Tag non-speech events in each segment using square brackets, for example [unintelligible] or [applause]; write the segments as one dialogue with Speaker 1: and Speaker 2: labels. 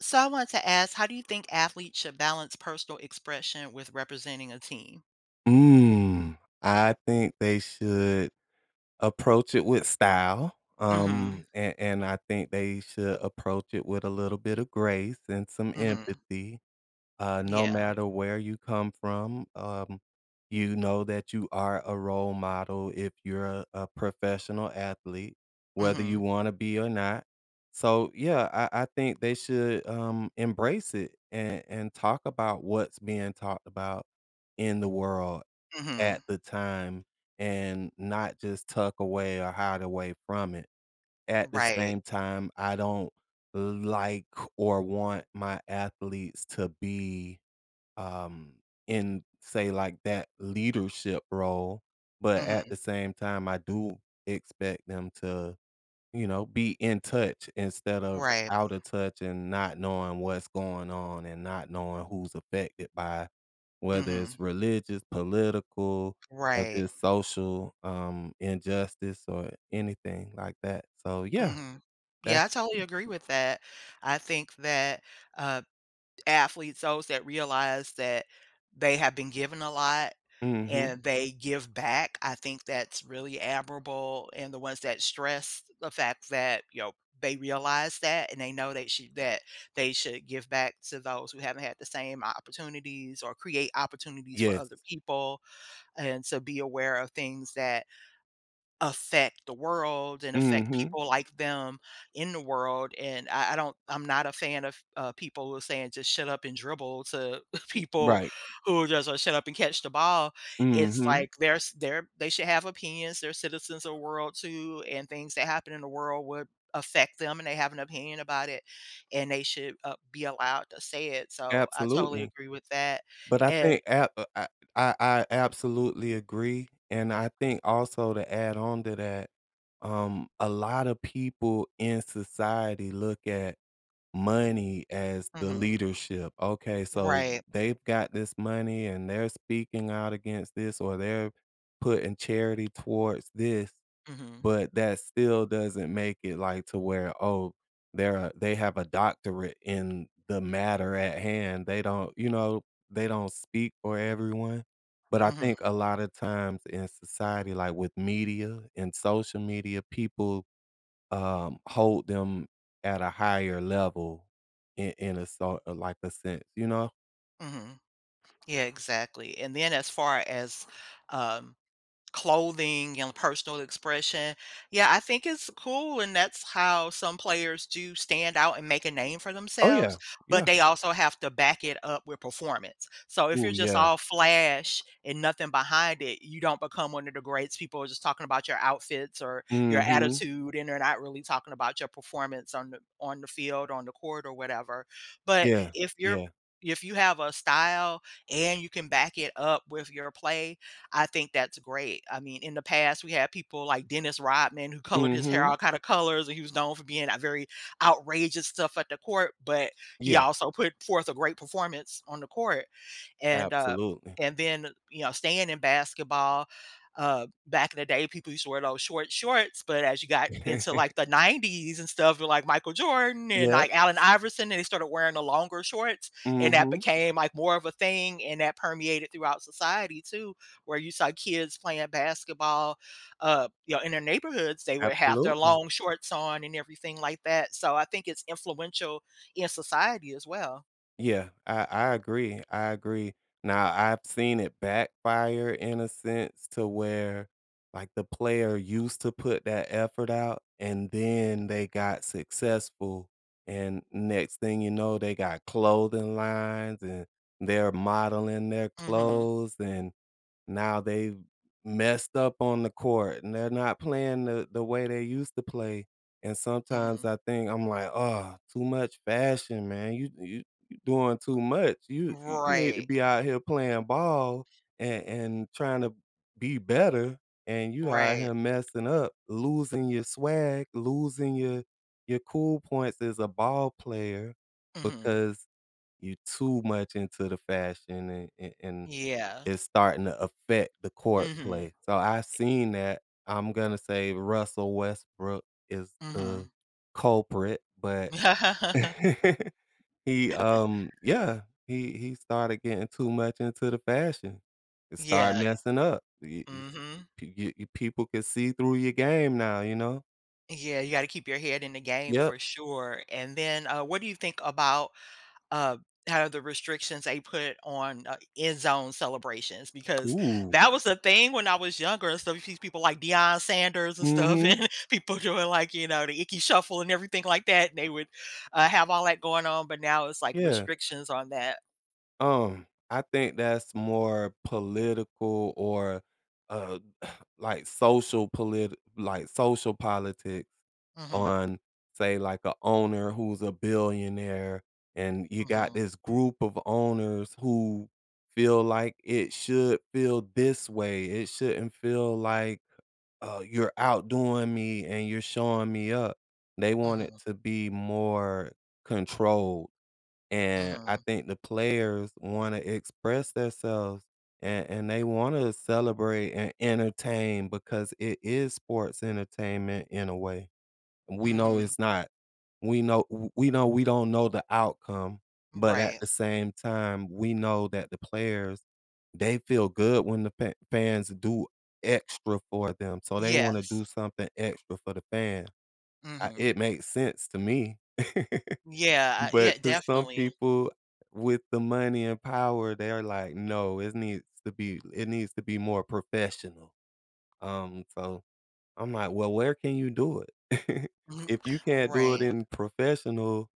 Speaker 1: So I want to ask, how do you think athletes should balance personal expression with representing a team?
Speaker 2: Mm, I think they should approach it with style,
Speaker 1: Mhm.
Speaker 2: um, and and I think they should approach it with a little bit of grace and some
Speaker 1: Mhm.
Speaker 2: empathy. Uh, no
Speaker 1: Yeah.
Speaker 2: matter where you come from, um, you know that you are a role model if you're a a professional athlete, whether you
Speaker 1: Mhm.
Speaker 2: wanna be or not. So, yeah, I I think they should, um, embrace it, and and talk about what's being talked about in the world at
Speaker 1: Mhm.
Speaker 2: the time and not just tuck away or hide away from it. At the
Speaker 1: Right.
Speaker 2: same time, I don't like or want my athletes to be, um, in, say like, that leadership role, but at
Speaker 1: Mhm.
Speaker 2: the same time, I do expect them to, you know, be in touch, instead of
Speaker 1: Right.
Speaker 2: out of touch and not knowing what's going on and not knowing who's affected by whether it's
Speaker 1: Mhm.
Speaker 2: religious, political, or
Speaker 1: Right.
Speaker 2: the social, um, injustice or anything like that. So, yeah,
Speaker 1: Mhm.
Speaker 2: that's
Speaker 1: Yeah, I totally
Speaker 2: [unintelligible]
Speaker 1: agree with that. I think that, uh, athletes those that realize that they have been given a lot
Speaker 2: Mhm
Speaker 1: and they give back, I think that's really admirable, and the ones that stress the fact that, they realize that and they know they shou that they should give back to those who haven't had the same opportunities or create opportunities for other
Speaker 2: Yes.
Speaker 1: people, and to be aware of things that affect the world and affect
Speaker 2: Mhm.
Speaker 1: people like them in the world, and I I don't, I'm not a fan of, uh, people who are saying, "Just shut up and dribble," to [chuckles]
Speaker 2: Mm,
Speaker 1: people
Speaker 2: right.
Speaker 1: who are just, like, "Shut up and catch the ball," it's
Speaker 2: Mhm.
Speaker 1: like there's there they should have opinions, they're citizens of world too, and things that happen in the world would affect them, and they have an opinion about it, and they should, uh, be allowed to say it, so I totally
Speaker 2: Absolutely.
Speaker 1: agree with that,
Speaker 2: But I
Speaker 1: and
Speaker 2: think ap uh, I I I absolutely agree, and I think also to add on to that, um, a lotta people in society look at money as the
Speaker 1: Mhm.
Speaker 2: leadership. Okay, so
Speaker 1: Right.
Speaker 2: they've got this money and they're speaking out against this, or they're putting charity towards this,
Speaker 1: Mhm.
Speaker 2: but that still doesn't make it, like, to where, oh, they're a they have a doctorate in the matter at hand, they don't, you know, they don't speak for everyone. But I
Speaker 1: Mhm.
Speaker 2: think a lotta times in society, like with media and social media, people, um, hold them at a higher level in in a so or like a saint, you know?
Speaker 1: Mhm. Yeah, exactly, and then as far as, um, clothing and personal expression, yeah, I think it's cool, and that's how some players do stand out and make a name for
Speaker 2: Oh, yeah.
Speaker 1: themselves, but
Speaker 2: Yeah.
Speaker 1: they also have to back it up with performance. So if
Speaker 2: Ooh,
Speaker 1: you're just
Speaker 2: yeah.
Speaker 1: all flash and nothing behind it, you don't become one of the greats, people are just talking about your outfits or your
Speaker 2: Mhm.
Speaker 1: attitude, and they're not really talking about your performance on the on the field, on the court, or whatever, but
Speaker 2: Yeah.
Speaker 1: if you're
Speaker 2: Yeah.
Speaker 1: if you have a style and you can back it up with your play, I think that's great. I mean, in the past, we had people like Dennis Rodman who colored his hair
Speaker 2: Mhm.
Speaker 1: all kinda colors, and he was known for being a very outrageous stuff at the court, but he
Speaker 2: Yeah.
Speaker 1: also put forth a great performance on the court, and uh,
Speaker 2: Absolutely.
Speaker 1: and then, uh, you know, staying in basketball, uh, back in the day, people used to wear those short shorts, but as you got into, like,
Speaker 2: [chuckles]
Speaker 1: the '90s and stuff, with, like, Michael Jordan and,
Speaker 2: Yep.
Speaker 1: like, Allen Iverson, and they started wearing the longer shorts, and that
Speaker 2: Mhm.
Speaker 1: became, like, more of a thing, and that permeated throughout society too, where you saw kids playing basketball, uh, you know, in their neighborhoods, they would have their
Speaker 2: Absolutely.
Speaker 1: long shorts on and everything like that, so I think it's influential in society as well.
Speaker 2: Yeah. I I agree. I agree. Now I've seen it backfire in a sense to where, like, the player used to put that effort out and then they got successful, and next thing you know, they got clothing lines and they're modeling their
Speaker 1: Mhm.
Speaker 2: clothes, and now they've messed up on the court and they're not playing the the way they used to play, and sometimes
Speaker 1: Mhm.
Speaker 2: I think, I'm, like, "Oh, too much fashion, man. You you you doing too much. You you you need to
Speaker 1: Right.
Speaker 2: be out here playing ball and and trying to be better, and you out
Speaker 1: Right.
Speaker 2: here messing up, losing your swag, losing your your cool points as a ball player
Speaker 1: Mhm.
Speaker 2: because you're too much into the fashion and a and
Speaker 1: Yeah.
Speaker 2: it's starting to affect the court
Speaker 1: Mhm. I
Speaker 2: play." So I've seen that. I'm gonna say Russell Westbrook is the
Speaker 1: Mhm.
Speaker 2: culprit, but [laughs] he,
Speaker 1: [laughs]
Speaker 2: um, yeah. He he started getting too much into the fashion, and started
Speaker 1: Yeah,
Speaker 2: messing up. Y
Speaker 1: eh
Speaker 2: yes,
Speaker 1: Mhm.
Speaker 2: p g p people can see through your game now, you know?
Speaker 1: Yeah. You gotta keep your head in the game
Speaker 2: Yep.
Speaker 1: for sure, and then, uh, what do you think about, uh, kinda the restrictions they put on, uh, end zone celebrations? Because
Speaker 2: Ooh.
Speaker 1: that was a thing when I was younger, so these people like Deion Sanders and stuff
Speaker 2: Mhm.
Speaker 1: and people doing, like, you know, The Ickey Shuffle and everything like that. They would, uh, have all that going on, but now it's, like,
Speaker 2: Yeah.
Speaker 1: restrictions on that.
Speaker 2: Um, I think that's more political or, uh, like social politi like, social politics
Speaker 1: Mhm.
Speaker 2: on, say, like, a owner who's a billionaire, and you got
Speaker 1: Mhm.
Speaker 2: this group of owners who feel like, "It should feel this way. It shouldn't feel like, uh, you're outdoing me and you're showing me up." They want it
Speaker 1: Mhm.
Speaker 2: to be more controlled. And, I
Speaker 1: Mhm.
Speaker 2: think the players wanna express theirselves, and and they wanna celebrate and entertain because it is sports entertainment, in a way. We know
Speaker 1: Mhm.
Speaker 2: it's not we know w we know we don't know the outcome, but at
Speaker 1: Right.
Speaker 2: the same time, we know that the players, they feel good when the pa fans do extra for them, so they wanna
Speaker 1: Yes.
Speaker 2: do something extra for the fan. I
Speaker 1: Mhm.
Speaker 2: it makes sense to me. [laughs]
Speaker 1: Yeah, uh,
Speaker 2: But
Speaker 1: yeah,
Speaker 2: 'cause some
Speaker 1: definitely.
Speaker 2: people with the money and power, they are like, "No, is needs to be l it needs to be more professional." Um, so I'm like, "Well, where can you do it?" [laughs]
Speaker 1: Mhm,
Speaker 2: If you can't do it
Speaker 1: right.
Speaker 2: in professional,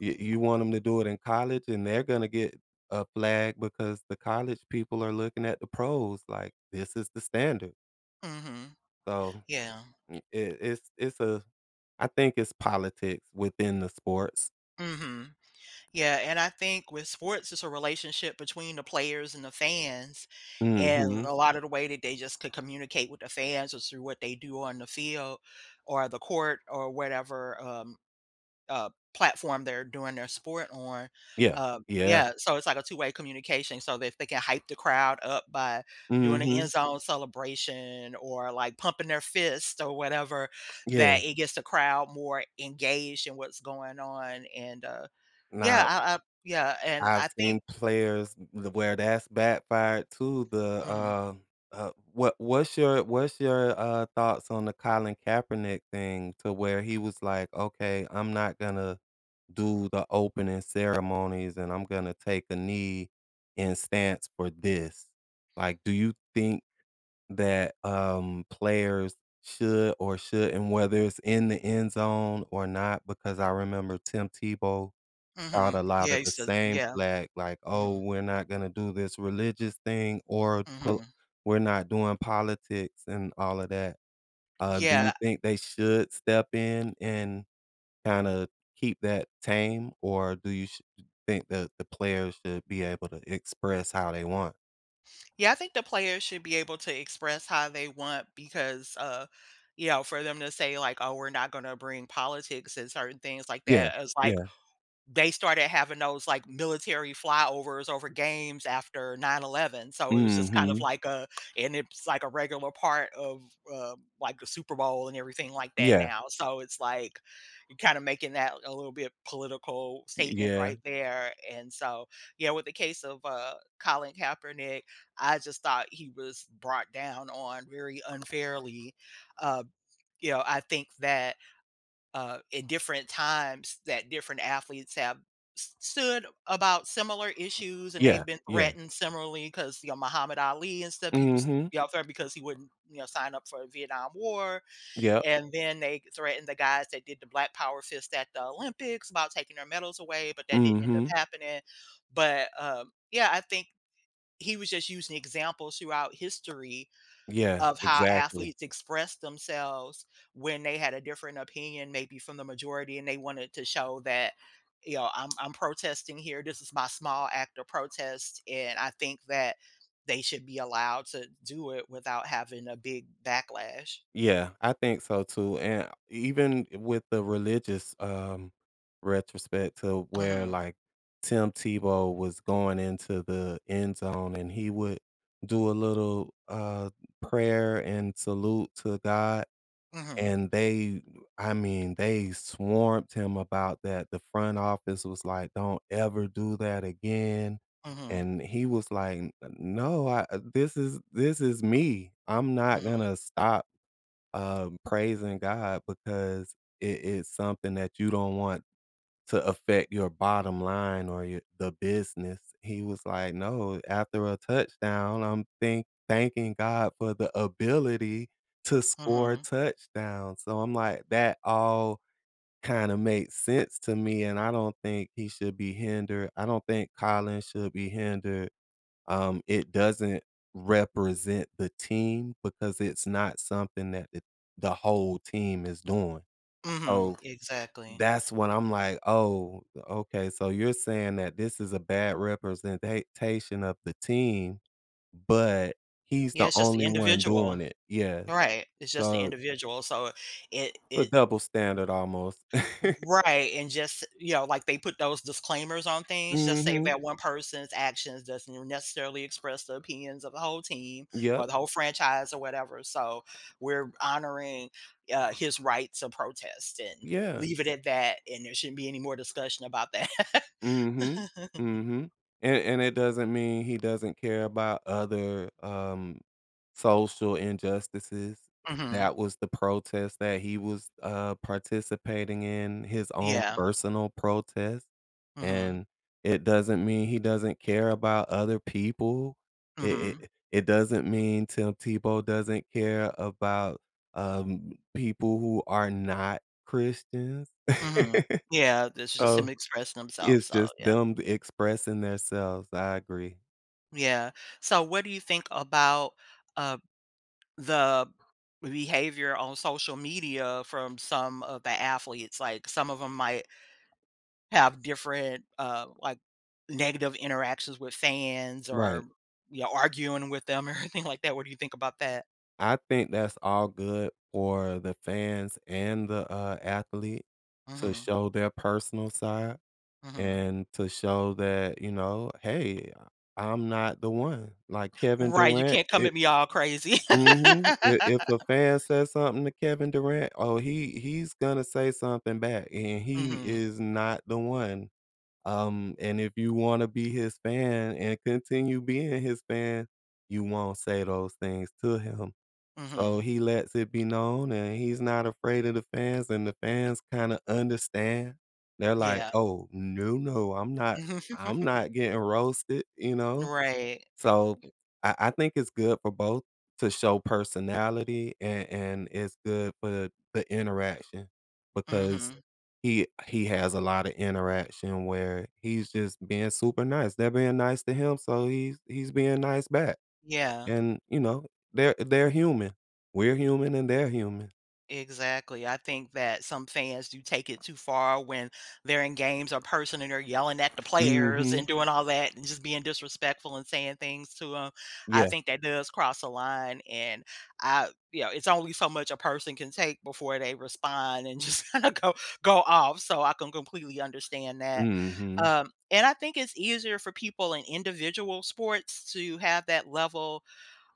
Speaker 2: you you want 'em to do it in college? And they're gonna get a flag because the college people are looking at the pros like, "This is the standard."
Speaker 1: Mhm.
Speaker 2: So,
Speaker 1: Yeah.
Speaker 2: m it it's it's a I think it's politics within the sports.
Speaker 1: Mhm. Yeah, and I think with sports, it's a relationship between the players and the fans, and
Speaker 2: Mhm.
Speaker 1: a lotta the way that they just could communicate with the fans is through what they do on the field or the court or whatever, um, uh, platform they're doing their sport on.
Speaker 2: Yeah,
Speaker 1: Uh,
Speaker 2: yeah.
Speaker 1: yeah, so it's like a 2 way communication so they f they can hype the crowd up by doing an
Speaker 2: Mhm.
Speaker 1: end zone celebration or, like, pumping their fist or whatever
Speaker 2: Yeah.
Speaker 1: that it gets the crowd more engaged in what's going on, and, uh, yeah,
Speaker 2: Now
Speaker 1: I I yeah, and
Speaker 2: I've
Speaker 1: I
Speaker 2: seen
Speaker 1: think
Speaker 2: players w where that's backfired too, the,
Speaker 1: Mhm.
Speaker 2: uh, uh, w what what's your what's your, uh, thoughts on the Colin Kaepernick thing to where he was like, "Okay, I'm not gonna do the opening ceremonies, and I'm gonna take a knee and stance for this." like, do you think that, um, players should or shouldn't, whether it's in the end zone or not, because I remember Tim Tebow thought
Speaker 1: Mhm,
Speaker 2: a
Speaker 1: yeah,
Speaker 2: lotta
Speaker 1: he
Speaker 2: the
Speaker 1: said,
Speaker 2: same
Speaker 1: yeah,
Speaker 2: flag like, "Oh,
Speaker 1: mhm.
Speaker 2: we're not gonna do this religious thing or p
Speaker 1: Mhm.
Speaker 2: we're not doing politics and all of that." Um, do you
Speaker 1: Yeah.
Speaker 2: think they should step in and kinda keep that tame, or do you sh d think that the players should be able to express how they want?
Speaker 1: Yeah, I think the players should be able to express how they want because, uh, you know, for them to say, like, "Oh, we're not gonna bring politics and certain things like
Speaker 2: Yeah.
Speaker 1: that" is like
Speaker 2: Yeah.
Speaker 1: they started having those, like, military flyovers over games after 9/11, so it was just kind of
Speaker 2: Mhm.
Speaker 1: like a and it's like a regular part of, uh, like a Super Bowl and everything like that
Speaker 2: Yeah.
Speaker 1: now, so it's like, you're kinda making that a little bit political
Speaker 2: Y
Speaker 1: statement
Speaker 2: yeah.
Speaker 1: right there. And so yeah, with the case of, uh, Colin Kaepernick, I just thought he was brought down on very unfairly. Uh, you know, I think that, uh, in different times that different athletes have s stood about similar issues, and
Speaker 2: Yeah.
Speaker 1: they've been
Speaker 2: Yeah.
Speaker 1: threatened similarly 'cause, you know, Muhammad Ali and stuff, he was,
Speaker 2: Mhm.
Speaker 1: you know, threatened because he wouldn't, you know, sign up for Vietnam War.
Speaker 2: Yep.
Speaker 1: And then they threatened the guys that did the Black Power fist at the Olympics about taking their medals away, but that didn't end up
Speaker 2: Mhm.
Speaker 1: happening. But, um, yeah, I think he was just using examples throughout history
Speaker 2: Yeah.
Speaker 1: of how
Speaker 2: Exactly.
Speaker 1: athletes express themselves when they had a different opinion maybe from the majority, and they wanted to show that, you know, "I'm I'm protesting here, this is my small act of protest." And I think that they should be allowed to do it without having a big backlash.
Speaker 2: Yeah. I think so, too. And even with the religious, um, retrospect to where,
Speaker 1: Mhm.
Speaker 2: like, Tim Tebow was going into the end zone, and he would do a little, uh, prayer and salute to God.
Speaker 1: Mhm.
Speaker 2: And they, I mean, they swamped him about that, the front office was like, "Don't ever do that again."
Speaker 1: Mhm.
Speaker 2: And he was like, "N n no, uh, this is this is me. I'm not
Speaker 1: Mhm.
Speaker 2: gonna stop, um, praising God because it is something that you don't want to affect your bottom line or your the business." He was like, "No. After a touchdown, I'm think thanking God for the ability to score
Speaker 1: Mhm.
Speaker 2: touchdowns," so I'm like, that all kinda made sense to me, and I don't think he should be hindered. I don't think Collin should be hindered. Um, it doesn't represent the team because it's not something that th the whole team is doing.
Speaker 1: Mhm.
Speaker 2: So
Speaker 1: Exactly.
Speaker 2: that's when I'm like, "Oh, okay. So you're saying that this is a bad representa tion of the team, but he's
Speaker 1: Yeah,
Speaker 2: the
Speaker 1: it's just the
Speaker 2: only one doing
Speaker 1: individual.
Speaker 2: it." Yes.
Speaker 1: Right. It's just the
Speaker 2: So
Speaker 1: individual. So it
Speaker 2: a
Speaker 1: it
Speaker 2: double standard almost. [chuckles]
Speaker 1: Right. And just you know, like, they put those disclaimers on things, just say
Speaker 2: Mhm.
Speaker 1: that one person's actions doesn't necessarily express the opinions of the whole team
Speaker 2: Yep.
Speaker 1: or the whole franchise or whatever, so we're honoring, uh, his rights of protest and
Speaker 2: Yeah.
Speaker 1: leave it at that, and there shouldn't be any more discussion about that.
Speaker 2: Mhm.
Speaker 1: [laughs]
Speaker 2: Mhm. And and it doesn't mean he doesn't care about other, um, social injustices.
Speaker 1: Mhm.
Speaker 2: That was the protest that he was, uh, participating in, his own
Speaker 1: Yeah.
Speaker 2: personal protest.
Speaker 1: Mhm.
Speaker 2: And it doesn't mean he doesn't care about other people. It
Speaker 1: Mhm.
Speaker 2: it it doesn't mean Tim Tebow doesn't care about, um, people who are not Christians.
Speaker 1: Mhm.
Speaker 2: [laughs]
Speaker 1: Yeah, this is just him
Speaker 2: So,
Speaker 1: expressing himself,
Speaker 2: it's
Speaker 1: so
Speaker 2: just
Speaker 1: yeah.
Speaker 2: them expressing their selves, I agree.
Speaker 1: Yeah. So, what do you think about, uh, the behavior on social media from some of the athletes? Like, some of them might have different, uh, like, negative interactions with fans
Speaker 2: Right.
Speaker 1: or, you know, arguing with them or anything like that. What do you think about that?
Speaker 2: I think that's all good for the fans, and the, uh, athlete to
Speaker 1: Mhm.
Speaker 2: show their personal side,
Speaker 1: Mhm.
Speaker 2: and to show that, you know, "Hey, I'm not the one." Like, Kevin
Speaker 1: Right, "You
Speaker 2: Durant,
Speaker 1: can't come at
Speaker 2: it
Speaker 1: me all crazy."
Speaker 2: Mhm. I if a
Speaker 1: [laughs]
Speaker 2: fan says something to Kevin Durant, oh, he he's gonna say something back, and he
Speaker 1: Mhm.
Speaker 2: is not the one, um, and if you wanna be his fan and continue being his fan, you won't say those things to him, so
Speaker 1: Mhm.
Speaker 2: he lets it be known, and he's not afraid of the fans, and the fans kinda understand, they're like,
Speaker 1: Yeah.
Speaker 2: "Oh, no, no, I'm not
Speaker 1: Mhm.
Speaker 2: I'm
Speaker 1: [chuckles]
Speaker 2: not getting roasted." you know?
Speaker 1: Right.
Speaker 2: So, I I think it's good for both to show personality, and and it's good for the interaction, because
Speaker 1: Mhm.
Speaker 2: he he has a lotta interaction where he's just being super nice. They're being nice to him, so he's he's being nice back,
Speaker 1: Yeah.
Speaker 2: and, you know, they're- they're human. We're human and they're human.
Speaker 1: Exactly. I think that some fans do take it too far when they're in games or person and they're yelling at the players and
Speaker 2: Mhm.
Speaker 1: doing all that and just being disrespectful and saying things to 'em. I
Speaker 2: Yeah.
Speaker 1: think that does cross a line. And, I you know, it's only so much a person can take before they respond and just kinda go go off, so I can completely understand that.
Speaker 2: Mhm.
Speaker 1: Um, and I think it's easier for people in individual sports to have that level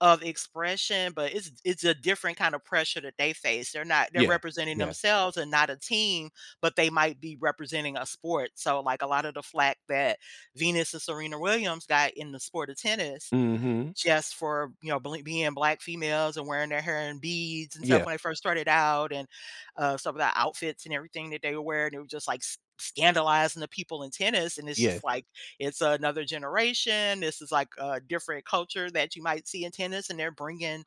Speaker 1: of expression, but it's it's a different kind of pressure that they face. They're not they're
Speaker 2: Yeah.
Speaker 1: representing
Speaker 2: Yeah.
Speaker 1: themselves and not a team, but they might be representing a sport. So, like, a lot of the flack that Venus and Serena Williams got in the sport of tennis
Speaker 2: Mhm.
Speaker 1: just for, you know, bl being Black females and wearing their hair in beads and stuff
Speaker 2: Yeah.
Speaker 1: when they first started out and, uh, some of the outfits and everything that they were wearing, they were just like s scandalizing the people in tennis. And it's
Speaker 2: Yes.
Speaker 1: just like, it's another generation, this is like a different culture that you might see in tennis and they're bringing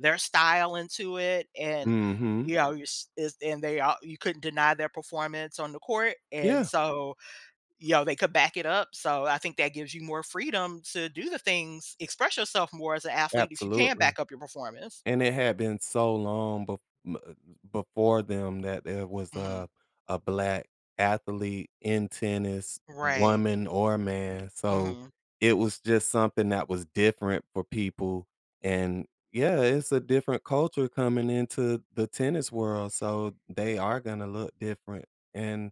Speaker 1: their style into it, and,
Speaker 2: Mhm.
Speaker 1: you know, your s it's and they ar you couldn't deny their performance on the court. And
Speaker 2: Yeah.
Speaker 1: so, you know, they could back it up, so I think that gives you more freedom to do the things, express yourself more as an athlete if you can
Speaker 2: Absolutely.
Speaker 1: back up your performance.
Speaker 2: And it had been so long be uh, before them that there was
Speaker 1: Mhm.
Speaker 2: a a Black athlete in tennis,
Speaker 1: Right.
Speaker 2: woman or man, so
Speaker 1: Mhm.
Speaker 2: it was just something that was different for people. And, yeah, it's a different culture coming into the tennis world, so they are gonna look different. And,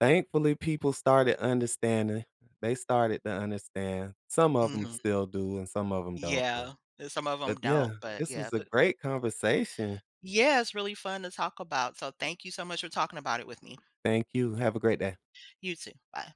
Speaker 2: thankfully, people started understanding. They started to understand. Some of 'em
Speaker 1: Mhm.
Speaker 2: still do and some of 'em don't though.
Speaker 1: Yeah. And some of 'em
Speaker 2: But, yeah,
Speaker 1: don't, but
Speaker 2: this
Speaker 1: yeah.
Speaker 2: was a
Speaker 1: Bu
Speaker 2: great conversation.
Speaker 1: Yeah, it's really fun to talk about. So thank you so much for talking about it with me.
Speaker 2: Thank you, have a great day.
Speaker 1: You too. Bye.